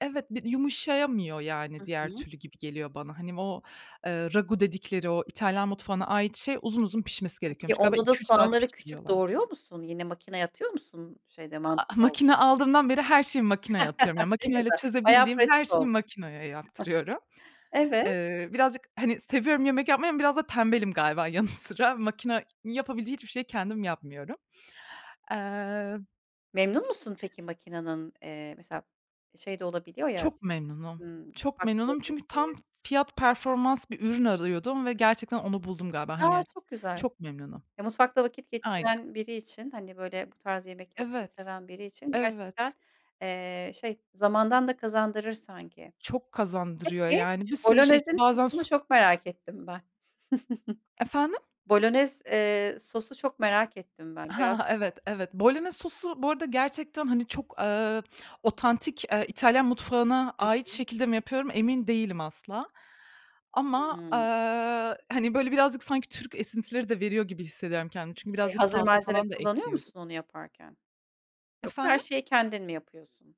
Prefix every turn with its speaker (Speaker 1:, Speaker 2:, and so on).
Speaker 1: Evet, bir yumuşayamıyor, yani,
Speaker 2: Hı
Speaker 1: diğer
Speaker 2: hı.
Speaker 1: türlü gibi geliyor bana. Hani, o, eee, ragù dedikleri o İtalyan mutfağına ait şey uzun uzun pişmesi
Speaker 2: Peki,
Speaker 1: gerekiyormuş. Galiba
Speaker 2: onda da
Speaker 1: 2-3 saat
Speaker 2: soğanları küçük
Speaker 1: pişiriyorlarmış.
Speaker 2: doğruyor musun? Yine makinaya atıyor musun şeyde
Speaker 1: A a
Speaker 2: mantıda olduğu
Speaker 1: makina
Speaker 2: gibi?
Speaker 1: aldığımdan beri her şeyi makinaya atıyorum. Yani,
Speaker 2: Ne
Speaker 1: makinayla
Speaker 2: güzel. Bayağı
Speaker 1: çözebildiğim her
Speaker 2: pratik
Speaker 1: şeyi
Speaker 2: ol
Speaker 1: makinaya yaptırıyorum.
Speaker 2: Evet.
Speaker 1: Eee, birazcık hani, seviyorum yemek yapmayı ama biraz da tembelim galiba yanı sıra. Makina yapabileceği hiçbir şeyi kendim yapmıyorum. Eee
Speaker 2: Memnun musun peki?
Speaker 1: S
Speaker 2: Makinanın, eee, mesela, şey de olabiliyor ya
Speaker 1: Çok
Speaker 2: işte,
Speaker 1: memnunum.
Speaker 2: ımm,
Speaker 1: Çok
Speaker 2: ufaklığı
Speaker 1: memnunum çünkü
Speaker 2: büyüklüğü.
Speaker 1: tam fiyat performans bir ürün arıyordum ve gerçekten onu buldum galiba.
Speaker 2: A!
Speaker 1: Hani,
Speaker 2: Çok güzel.
Speaker 1: çok memnunum.
Speaker 2: E, mutfakta vakit
Speaker 1: Aynen.
Speaker 2: geçiren biri için, hani, böyle, bu tarz yemek yapmayı
Speaker 1: Evet.
Speaker 2: seven biri için gerçekten,
Speaker 1: Evet.
Speaker 2: eee, şey, zamandan da kazandırır sanki.
Speaker 1: Çok kazandırıyor
Speaker 2: Peki,
Speaker 1: yani.
Speaker 2: şu
Speaker 1: Bir sürü şey için
Speaker 2: bolonezin
Speaker 1: bazen
Speaker 2: sosunu
Speaker 1: so
Speaker 2: çok merak ettim ben.
Speaker 1: Efendim?
Speaker 2: Bolonez, eee, sosu çok merak ettim ben biraz
Speaker 1: Hah, evet, evet. Bolonez sosu bu arada gerçekten, hani, çok, eee, otantik, eee, İtalyan mutfağına
Speaker 2: Hı
Speaker 1: ait
Speaker 2: hı.
Speaker 1: şekilde mi yapıyorum emin değilim asla. Ama, eee,
Speaker 2: Hımm.
Speaker 1: hani, böyle, birazcık sanki Türk esintileri de veriyor gibi hissediyorum kendimi. Çünkü
Speaker 2: Şey,
Speaker 1: birazcık
Speaker 2: hazır
Speaker 1: salça
Speaker 2: malzeme
Speaker 1: falan da
Speaker 2: kullanıyor
Speaker 1: ekliyorum.
Speaker 2: musun onu yaparken? Yoksa her
Speaker 1: Efendim?
Speaker 2: şeyi kendin mi yapıyorsun?